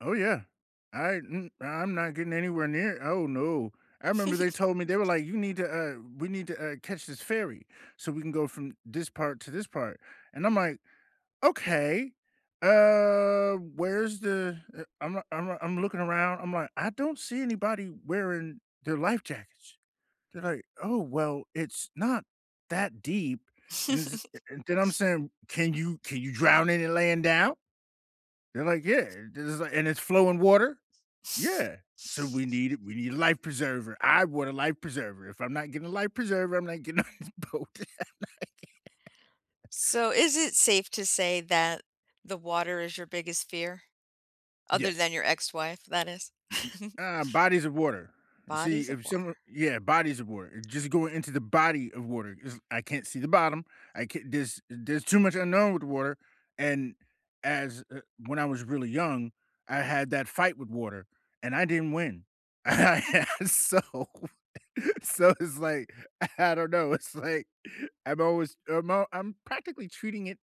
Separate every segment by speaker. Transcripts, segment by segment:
Speaker 1: Oh, yeah. I m I'm not getting anywhere near oh, no, I 'member they told me they were like, "You need to, uh we need to, uh, catch this ferry, so we can go from this part to this part," and I'm like, "Okay, uh, where's the" e I'm I'm I'm looking around, I'm like, "I don't see anybody wearing their life jackets." They're like, "Oh, well, it's not that deep," and this then I'm saying, "Can you can you drown in it laying down?!" They're like, "Yeah," this is like "And it's flowing water?" "Yeah," "So we need it, we need a life preserver, I want a life preserver, if I'm not getting a life preserver, I'm not getting on this boat."
Speaker 2: So is it safe to say that the water is your biggest fear? Other
Speaker 1: Yes.
Speaker 2: than your ex-wife, that is?
Speaker 1: Mm-mm, um, bodies of water, see,
Speaker 2: Bodies of
Speaker 1: if some
Speaker 2: water.
Speaker 1: yeah, bodies of water, just go into the body of water 'cause I can't see the bottom, I can't there's there's too much unknown with water, and as, uh when I was really young, I had that fight with water, and I didn't win. So so it's like, I don't know, it's like, I'm always I'm all I'm practically treating it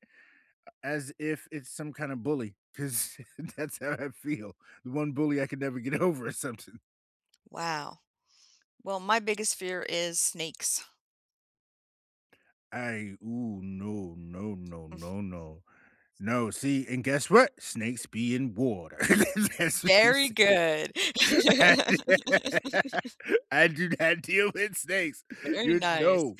Speaker 1: as if it's some kinda bully 'cause that's how I feel. The one bully I could never get over or something.
Speaker 2: Wow, well, my biggest fear is snakes.
Speaker 1: I ooh, no, no, no,
Speaker 2: Mm.
Speaker 1: no, no, no, see and guess what snakes be in water. That's what I'm
Speaker 2: Very
Speaker 1: sayin
Speaker 2: good.
Speaker 1: I do not deal with snakes,
Speaker 2: Very
Speaker 1: you
Speaker 2: nice.
Speaker 1: no,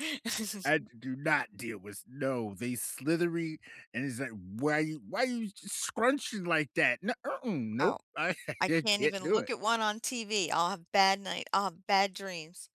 Speaker 1: I d do not deal with no they slithery, and it's like, "Why you why you s scrunchin' like that?" N mm-mm,
Speaker 2: Oh,
Speaker 1: nope, I
Speaker 2: I can't
Speaker 1: can't
Speaker 2: even
Speaker 1: do
Speaker 2: look
Speaker 1: it.
Speaker 2: at one on TV, I'll have bad night, I'll have bad dreams.